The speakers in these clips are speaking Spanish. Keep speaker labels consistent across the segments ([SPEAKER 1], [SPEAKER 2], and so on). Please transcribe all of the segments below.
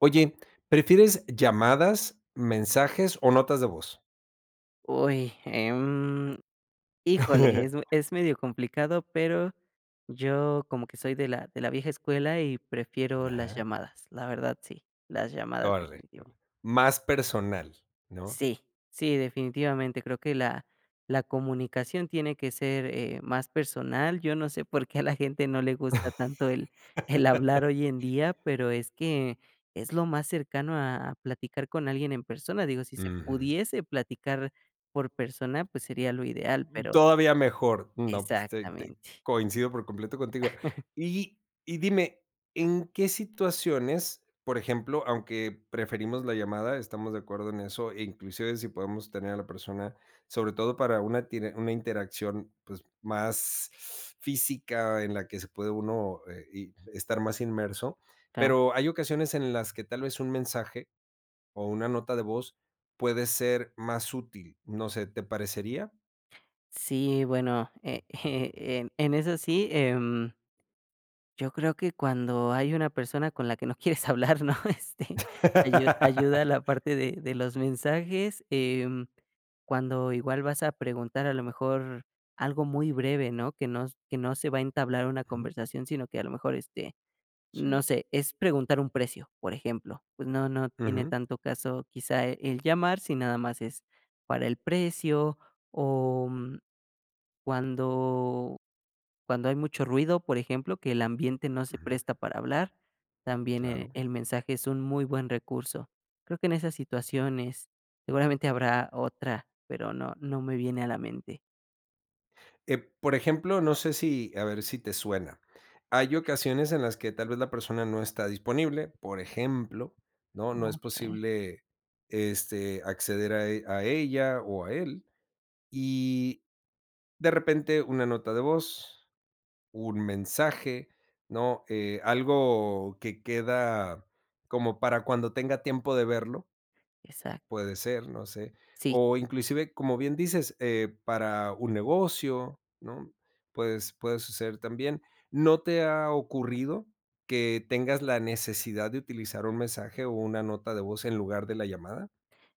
[SPEAKER 1] Oye, ¿prefieres llamadas, mensajes, o notas de voz?
[SPEAKER 2] Uy, em. Híjole, es es medio complicado, pero, yo como que soy de la de la vieja escuela y prefiero las
[SPEAKER 1] Ajá.
[SPEAKER 2] llamadas. La verdad sí. Las llamadas
[SPEAKER 1] Órale.
[SPEAKER 2] definitivo.
[SPEAKER 1] Más personal, ¿no?
[SPEAKER 2] Sí, sí, definitivamente, creo que la la comunicación tiene que ser, eh, más personal, yo no sé, por qué, a la gente no le gusta tanto, el el hablar hoy en día, pero, es que es lo más cercano a a platicar con alguien en persona. Digo, si se
[SPEAKER 1] Ujú.
[SPEAKER 2] pudiese platicar por persona, pues, sería lo ideal, pero.
[SPEAKER 1] Todavía mejor. No, pues, te te
[SPEAKER 2] Exactamente.
[SPEAKER 1] coincido por completo contigo. Y y dime, en qué situaciones, por ejemplo, aunque preferimos la llamada, estamos de acuerdo en eso, e inclusive si podemos tener a la persona, sobre todo para una tiene una interacción, pues, más física en la que se puede uno, eh, y, estar más inmerso.
[SPEAKER 2] Claro.
[SPEAKER 1] Pero, hay ocasiones en las que tal vez, un mensaje o una nota de voz puede ser más útil, no sé, ¿te parecería?
[SPEAKER 2] Sí, bueno, eh, em, en eso sí, em. Yo creo que cuando hay una persona con la que no quieres hablar, ¿no?, este, ayu ayuda la parte de de los mensajes, eh, cuando igual vas a preguntar, a lo mejor, algo muy breve, ¿no?, que no que no se va a entablar una
[SPEAKER 1] Ujú.
[SPEAKER 2] conversación, sino que a lo mejor, este, no
[SPEAKER 1] Sí.
[SPEAKER 2] sé, es preguntar un precio, por ejemplo. Pues no no tiene
[SPEAKER 1] Ujú.
[SPEAKER 2] tanto caso, quizá, el llamar si nada más es para el precio, o cuando cuando hay mucho ruido, por ejemplo, que el ambiente no se
[SPEAKER 1] Ujú.
[SPEAKER 2] presta para hablar, también, eh,
[SPEAKER 1] Claro.
[SPEAKER 2] el mensaje es un muy buen recurso. Creo que en esas situaciones seguramente habrá otra, pero no no me viene a la mente.
[SPEAKER 1] Eh, por ejemplo, no sé si, a ver si te suena. Hay ocasiones en las que, tal vez la persona no está disponible, por ejemplo, ¿no?, no es
[SPEAKER 2] Okey.
[SPEAKER 1] posible, este, acceder a e a ella o a él, y, de repente una nota de voz, un mensaje, ¿no?, eh, algo que queda como para cuando tenga tiempo de verlo.
[SPEAKER 2] Exac
[SPEAKER 1] Puede ser, no sé.
[SPEAKER 2] Sí.
[SPEAKER 1] O inclusive, como bien dices, eh, para un negocio, ¿no?, puedes puede suceder también, ¿no te ha ocurrido que tengas la necesidad de utilizar un mensaje o una nota de voz en lugar de la llamada?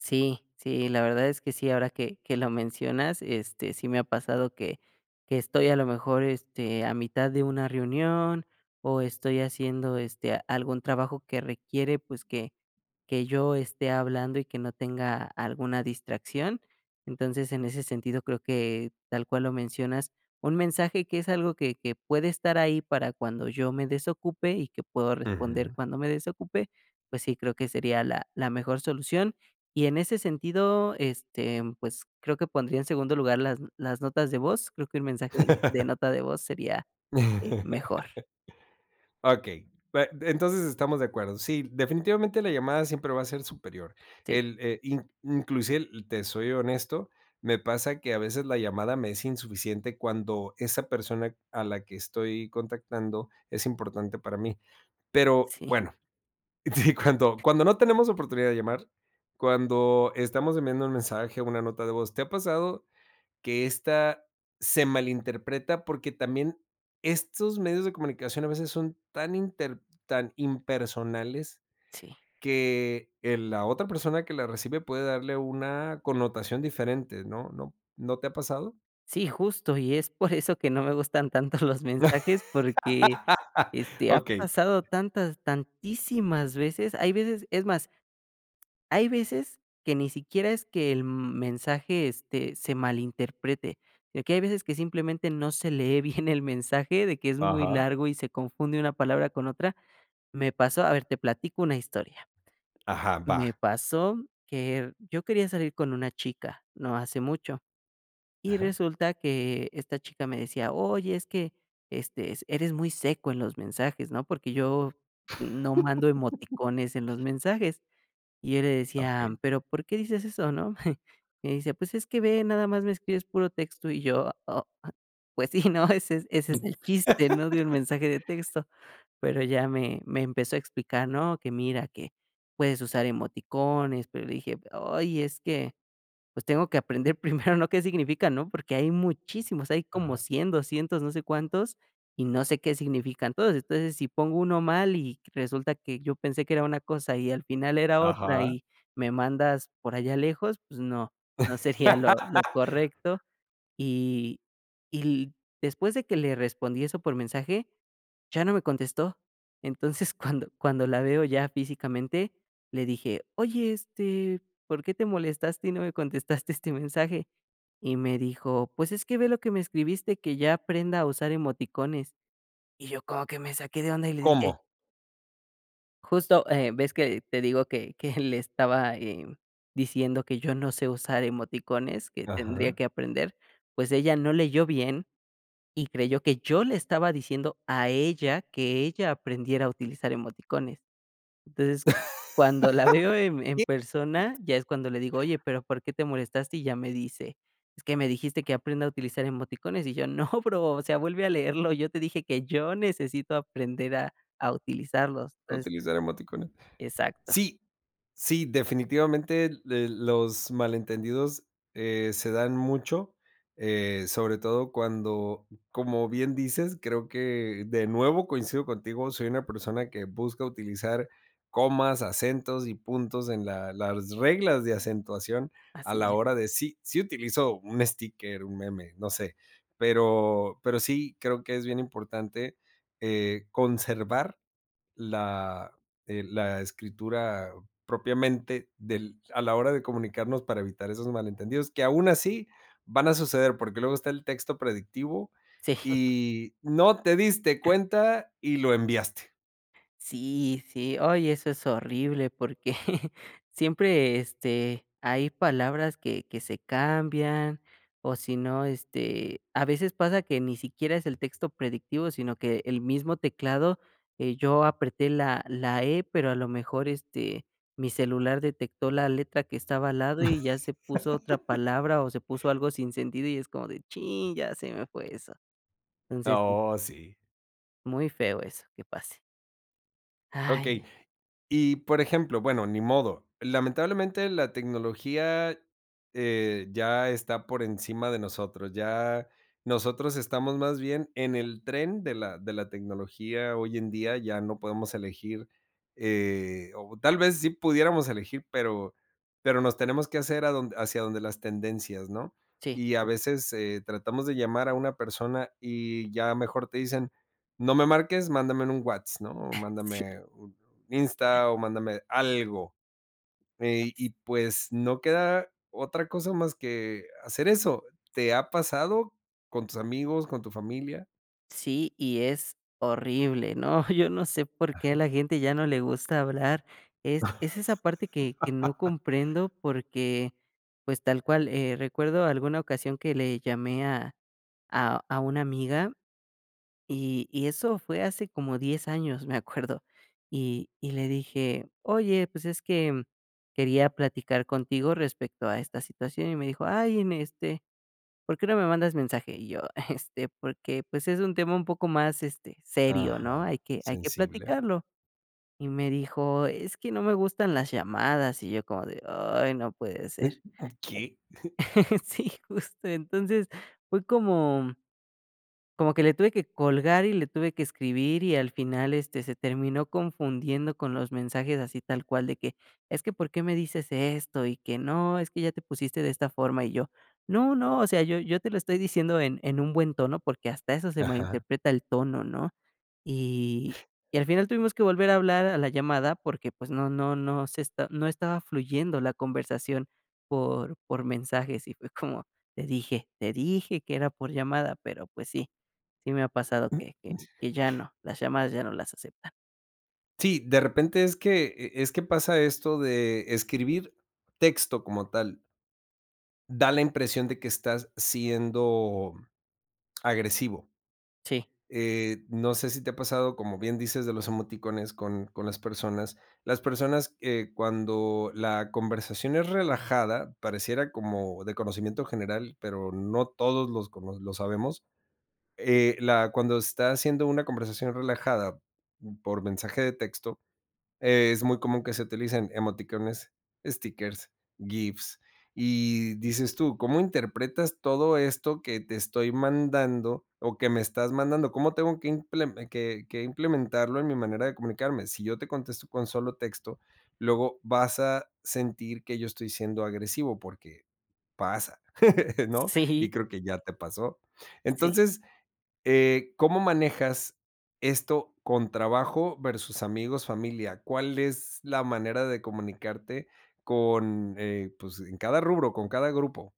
[SPEAKER 2] Sí, sí, la verdad es que sí, ahora que que lo mencionas, este, sí me ha pasado que que estoy a lo mejor, este, a mitad de una reunión o estoy haciendo, este, algún trabajo que requiere, pues, que que yo esté hablando y que no tenga alguna distracción. Entonces, en ese sentido creo que, tal cual lo mencionas, un mensaje que es algo que que puede estar ahí para cuando yo me desocupe, y que puedo responder
[SPEAKER 1] Ujú.
[SPEAKER 2] cuando me desocupe, pues sí, creo que sería la la mejor solución y en ese sentido, este, pues, creo que pondría en segundo lugar las las notas de voz, creo que el mensaje de nota de voz sería, eh, mejor.
[SPEAKER 1] Okey. Bue entonces, estamos de acuerdo. Sí, definitivamente la llamada siempre va a ser superior.
[SPEAKER 2] Sí.
[SPEAKER 1] El e in inclusive, te soy honesto, me pasa que a veces la llamada me es insuficiente, cuando esa persona a la que estoy contactando es importante para mí. Pero,
[SPEAKER 2] Sí.
[SPEAKER 1] bueno. Si cuando cuando no tenemos oportunidad de llamar, cuando estamos enviando un mensaje, una nota de voz, ¿te ha pasado que esta se malinterpreta?, porque también, estos medios de comunicación a veces son, tan inter tan impersonales
[SPEAKER 2] Sí.
[SPEAKER 1] que el la otra persona que la recibe puede darle una connotación diferente, ¿no?, ¿no?, ¿no te ha pasado?
[SPEAKER 2] Sí, justo y es por eso que no me gustan tanto los mensajes porque, este, ha
[SPEAKER 1] Okey.
[SPEAKER 2] pasado tantas tantísimas veces hay veces es más, hay veces que ni siquiera es que el m mensaje, este, se malinterprete, eh, que hay veces que simplemente no se lee bien el mensaje de que es muy
[SPEAKER 1] Ajá.
[SPEAKER 2] largo y se confunde una palabra con otra. Me pasó a ver, te platico una historia.
[SPEAKER 1] Ajá,
[SPEAKER 2] Me
[SPEAKER 1] va.
[SPEAKER 2] pasó que yo quería salir con una chica, no hace mucho, y
[SPEAKER 1] Ajá.
[SPEAKER 2] resulta que esta chica me decía: "Oye, es que, este, es eres muy seco en los mensajes", ¿no?, porque yo no mando emoticones en los mensajes. Y yo le decía:
[SPEAKER 1] Okey.
[SPEAKER 2] "Pero, ¿por qué dices eso, no?". Y me dice: "Pues, es que ve nada más me escribes puro texto". Y yo: "Oh, pues sí, ¿no?, ese es ese es el chiste, ¿no?, de un mensaje de texto". Pero ya me me empezó a explicar, ¿no?, que mira que puedes usar emoticones, pero le dije: "Ay es que, pues, tengo que aprender primero, ¿no?, qué significa, ¿no?, porque hay muchísimos, hay como
[SPEAKER 1] Ajá.
[SPEAKER 2] 100, 200, no sé, cuántos, y no sé qué significan todos. Entonces, si pongo uno mal y resulta que yo pensé que era una cosa y al final era otra,
[SPEAKER 1] Ajá.
[SPEAKER 2] y me mandas por allá lejos, pues, no, no sería lo lo correcto". Y y l después de que le respondí eso por mensaje, ya no me contestó. Entonces, cuando cuando la veo ya físicamente, le dije: "Oye, este, ¿por qué te molestaste y no me contestaste este mensaje?". Y me dijo: "Pues, es que ve lo que me escribiste, que ya aprenda a usar emoticones". Y yo como que me saqué de onda y le dije
[SPEAKER 1] ¿Cómo?
[SPEAKER 2] justo, eh, ves que te digo que que le estaba, eh, diciendo que yo no sé usar emoticones, que tendría
[SPEAKER 1] Ajá.
[SPEAKER 2] que aprender, pues ella no leyó bien y creyó que yo le estaba diciendo a ella que ella aprendiera a utilizar emoticones. Entonces cuando la veo en en persona
[SPEAKER 1] [unintelligible]
[SPEAKER 2] ya es cuando le digo: "Oye, pero, ¿por qué te molestaste?". Y ya me dice: "Es que me dijiste que aprenda a utilizar emoticones", y yo no bro, o sea vuelve a leerlo, yo te dije que yo necesito aprender a a utilizarlos.
[SPEAKER 1] ¿A
[SPEAKER 2] Entonces
[SPEAKER 1] utilizar emoticones?
[SPEAKER 2] Exacto.
[SPEAKER 1] Sí. Sí, definitivamente, de los malentendidos, eh, se dan mucho, eh, sobre todo cuando, como bien dices, creo que de nuevo coincido contigo, soy una persona que busca utilizar comas, acentos y puntos en la las reglas de acentuación a
[SPEAKER 2] Así
[SPEAKER 1] la
[SPEAKER 2] es.
[SPEAKER 1] hora de sí, sí utilizo un sticker, un meme, no sé. Pero pero sí creo que es bien importante, eh, conservar la, eh, la escritura propiamente del a la hora de comunicarnos para evitar esos malentendidos, que aún así van a suceder, porque, luego está el texto predictivo
[SPEAKER 2] Sí.
[SPEAKER 1] y no te diste cuenta y lo enviaste.
[SPEAKER 2] Sí sí. Ay, eso es horrible porque siempre, este, hay palabras que que se cambian o si no, este, a veces pasa que ni siquiera es el texto predictivo sino que el mismo teclado, eh, yo apreté la la e pero a lo mejor, este, mi celular detectó la letra que estaba al lado y ya se puso otra palabra o se puso algo sin sentido y es como de chin ya se me fue eso. Entonces sí.
[SPEAKER 1] Oh, sí.
[SPEAKER 2] Muy feo eso, que pase.
[SPEAKER 1] Okey.
[SPEAKER 2] ¡Ay!
[SPEAKER 1] Y por ejemplo, bueno, ni modo. Lamentablemente la tecnología, eh, ya está por encima de nosotros, ya nosotros estamos más bien en el tren de la de la tecnología hoy en día, ya no podemos elegir, eh, o tal vez sí pudiéramos elegir, pero pero nos tenemos que hacer a donde hacia donde las tendencias, ¿no?,
[SPEAKER 2] Sí.
[SPEAKER 1] y a
[SPEAKER 2] [unintelligible]
[SPEAKER 1] veces, eh, tratamos de llamar a una persona y ya mejor te dicen: "No me marques, mándame en un Whats", ¿no?, o
[SPEAKER 2] Sí.
[SPEAKER 1] mándame un Insta o mándame algo. Eh, y pues, no queda otra cosa más que hacer eso, ¿te ha pasado con tus amigos, con tu familia?
[SPEAKER 2] Sí, y es horrible, ¿no? Yo no sé por qué a la
[SPEAKER 1] Ajá.
[SPEAKER 2] gente ya no le gusta hablar. Es es esa parte que que no comprendo porque pues, tal cual, eh, recuerdo alguna ocasión que le llamé a a a una amiga, y y eso fue hace como 10 años, me acuerdo. Y y le dije: "Oye, pues, es que, mm, quería platicar contigo respecto a esta situación", y me dijo: "Ay, en este, ¿por qué no me mandas mensaje?". Y yo: "este, porque, pues es un tema un poco más, este, serio, ¿no?
[SPEAKER 1] Ajá,
[SPEAKER 2] Hay que hay que
[SPEAKER 1] ¿sensible?
[SPEAKER 2] platicarlo". Y me dijo: "Es que no me gustan las llamadas". Y yo como de, ay no puede ser.
[SPEAKER 1] Eh, mm, ¿qué?
[SPEAKER 2] Sí, justo. Entonces fue como, mm como que le tuve que colgar y le tuve que escribir, y al final, este, se terminó confundiendo con los mensajes. Así tal cual de que: "Es que por qué me dices esto, y que no, es que ya te pusiste de esta forma", y yo: "No no, o sea yo yo te lo estoy diciendo en en un buen tono", porque hasta eso se
[SPEAKER 1] Ajá.
[SPEAKER 2] malinterpreta, el tono, ¿no? Y y al final tuvimos que volver a hablar a la llamada, porque pues, no no no se está no estaba fluyendo la conversación por por mensajes. Y fue como: "Te dije, te dije que era por llamada". Pero, pues, sí sí me ha pasado que que que ya no, las llamadas ya no las aceptan.
[SPEAKER 1] Sí, de repente es que, eh, es que pasa esto de escribir texto como tal da la impresión de que estás siendo agresivo.
[SPEAKER 2] Sí.
[SPEAKER 1] Eh, no sé, si te ha pasado, como bien dices, de los emoticones con con las personas. Las personas, eh, cuando la conversación es relajada, pareciera como de conocimiento general, pero no todos los conos lo sabemos. Eh, la cuando está haciendo una conversación relajada por mensaje de texto, es muy común que se utilicen emoticones, stickers, gifs, y dices tú, ¿cómo interpretas todo esto que te estoy mandando o que me estás mandando? ¿Cómo tengo que imple que que implementarlo en mi manera de comunicarme? Si yo te contesto con solo texto, luego vas a sentir que yo estoy siendo agresivo porque pasa, ¿no?, y
[SPEAKER 2] Sí.
[SPEAKER 1] creo que ya te pasó.
[SPEAKER 2] Sí.
[SPEAKER 1] Entonces, eh, ¿cómo manejas esto, con trabajo versus amigos, familia? ¿Cuál es la manera de comunicarte con, eh, pues, en cada rubro, con cada grupo?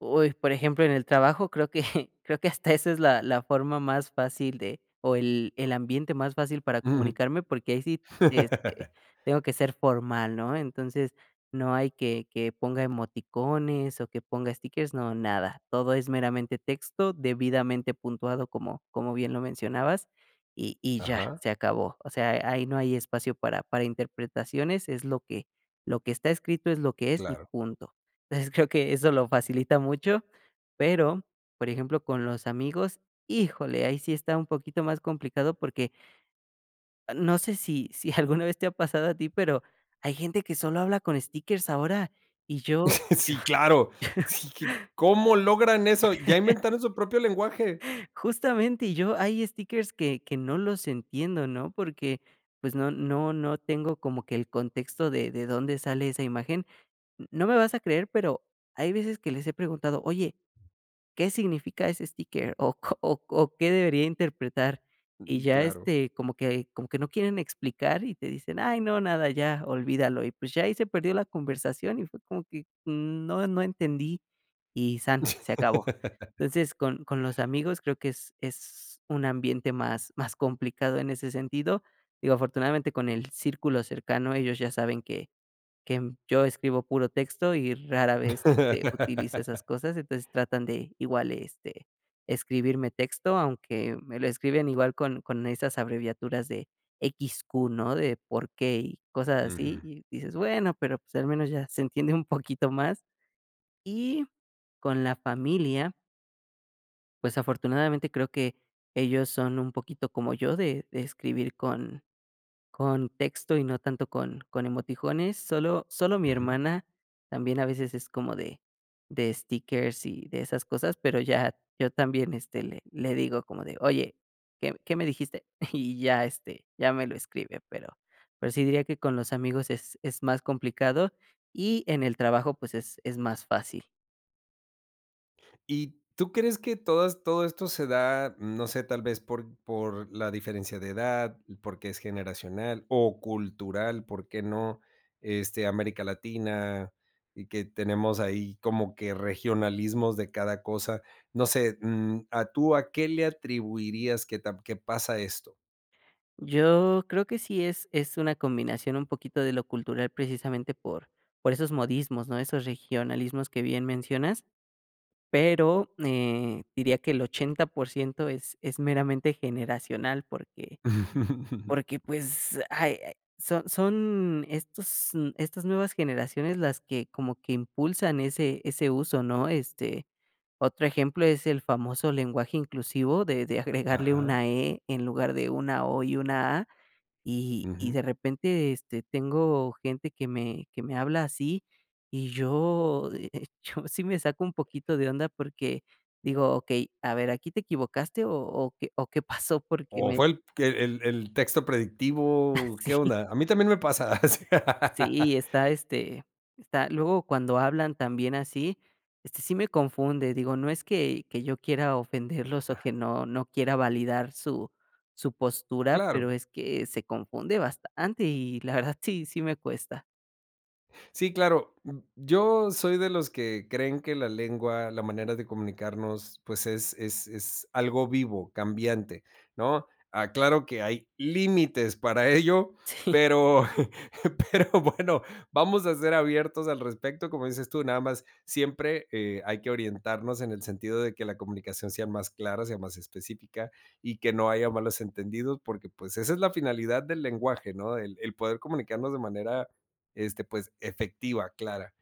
[SPEAKER 2] Uy, por ejemplo en el trabajo creo que, creo que hasta esa es la la forma más fácil de, o el el ambiente más fácil para
[SPEAKER 1] Ujú.
[SPEAKER 2] comunicarme porque, ahí sí, este, tengo que ser formal, ¿no? Entonces, no hay que que ponga emoticones, o que ponga stickers, no, nada. Todo es meramente texto, debidamente puntuado como como bien lo mencionabas y y ya
[SPEAKER 1] Ajá.
[SPEAKER 2] se acabó. O sea, ahí no hay espacio para para interpretaciones, es lo que, lo que está escrito es lo que es y
[SPEAKER 1] Claro.
[SPEAKER 2] punto. Entonces, creo que eso lo facilita mucho. Pero, por ejemplo, con los amigos, híjole, ahí sí está un poquito más complicado porque no sé, si si alguna vez te ha pasado a ti, pero, hay gente que solo habla con stickers ahora y yo yo
[SPEAKER 1] Sí, claro. Sí, ¿cómo logran eso? Ya inventan su propio lenguaje.
[SPEAKER 2] Justamente, y yo, hay stickers que que no los entiendo, ¿no? Porque, pues, no no no tengo como que el contexto de de dónde sale esa imagen. No me vas a creer, pero, hay veces que les he preguntado: "Oye, ¿qué significa ese sticker o co o o qué debería interpretar?" Y
[SPEAKER 1] Mm.
[SPEAKER 2] ya,
[SPEAKER 1] Claro.
[SPEAKER 2] este, como que como que no quieren explicar y te dicen: "Ay, no, nada, ya olvídalo". Y, pues, ya ahí se perdió la conversación y fue como que, mm, no, no entendí y san, se acabó, entonces con con los amigos creo que es es un ambiente más más complicado en ese sentido, digo afortunadamente con el círculo cercano, ellos ya saben que que yo escribo puro texto y rara vez, este, utilizo esas cosas, entonces tratan de igual, este, escribirme texto aunque me lo escriben igual con con esas abreviaturas de equis, cu, ¿no? De, por qué, y cosas así
[SPEAKER 1] Ujú.
[SPEAKER 2] y dices bueno, pero, pues, al menos ya se entiende un poquito más. Y con la familia pues, afortunadamente creo que ellos son un poquito como yo de de escribir con con texto y no tanto con con emoticones, Sólo sólo mi
[SPEAKER 1] Ujú.
[SPEAKER 2] hermana también, a veces es como de de stickers y de esas cosas, pero ya, yo también, este, le le digo como de: "Oye, ¿qué qué me dijiste?" Y ya, este, ya me lo escribe, pero pero, sí diría que con los amigos es es más complicado y en el trabajo, pues, es es más fácil.
[SPEAKER 1] ¿Y tú crees que todas todo esto se da, no sé, tal vez por por la diferencia de edad, porque, es generacional, o cultural? ¿Por qué no? Este, América Latina y que tenemos ahí como que regionalismos de cada cosa, no sé, mm, a tú, ¿a qué le atribuirías que ta que pasa esto?
[SPEAKER 2] Yo, creo que sí es es una combinación un poquito de lo cultural precisamente por por esos modismos, ¿no? Esos regionalismos que bien mencionas. Pero eh, diría que el 80%, es es meramente generacional porque porque pues, ay, eh, son son estos n estas nuevas generaciones las que, como que impulsan ese ese uso, ¿no? Este, otro ejemplo es el famoso lenguaje inclusivo de de agregarle
[SPEAKER 1] Ajá.
[SPEAKER 2] una e en lugar de una o, y una a. Y y de
[SPEAKER 1] Ujú.
[SPEAKER 2] repente este, tengo gente que me que me habla así y yo yo de hecho, sí me saco un poquito de onda, porque, digo okey, a ver aquí te equivocaste o, ¿o qué o, qué pasó? Porque
[SPEAKER 1] O
[SPEAKER 2] me.
[SPEAKER 1] fue el que el el texto
[SPEAKER 2] Ah
[SPEAKER 1] predictivo, ¿qué
[SPEAKER 2] sí.
[SPEAKER 1] onda? A mí también me pasa, s
[SPEAKER 2] Sí, está este está, luego cuando hablan también así, este, sí me confunde digo no es que que yo quiera ofenderlos o que
[SPEAKER 1] Ajá.
[SPEAKER 2] no no quiera validar su su postura, pero,
[SPEAKER 1] Claro.
[SPEAKER 2] es que, se confunde bastante y la verdad sí sí me cuesta.
[SPEAKER 1] Sí, claro. Yo, soy de los que creen que la lengua, la manera de comunicarnos, pues, es es es algo vivo, cambiante, ¿no? Aclaro que hay, límites para ello,
[SPEAKER 2] Sí.
[SPEAKER 1] pero pero bueno, vamos a ser abiertos al respecto, como dices tú, nada más, siempre, eh, hay que orientarnos en el sentido de que la comunicación sea más clara, sea más específica, y que no haya malos entendidos, porque pues, esa es la finalidad del lenguaje, ¿no? El el poder comunicarnos de manera, este pues efectiva, clara.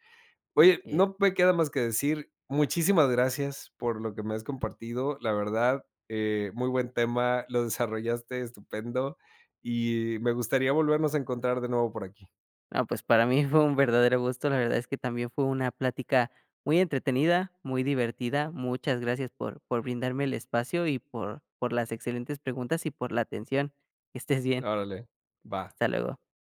[SPEAKER 1] Oye
[SPEAKER 2] Así es.
[SPEAKER 1] no, me queda más que decir muchísimas gracias por lo que me has compartido, la verdad, eh, muy buen tema, lo desarrollaste estupendo, y me gustaría volvernos a encontrar de nuevo por aquí.
[SPEAKER 2] No pues, para mí fue un verdadero gusto, la verdad es que también fue una plática, muy entretenida, muy divertida. Muchas gracias por por brindarme el espacio y por por las excelentes preguntas y por la atención. Que estés bien.
[SPEAKER 1] Órale, va.
[SPEAKER 2] Hasta luego.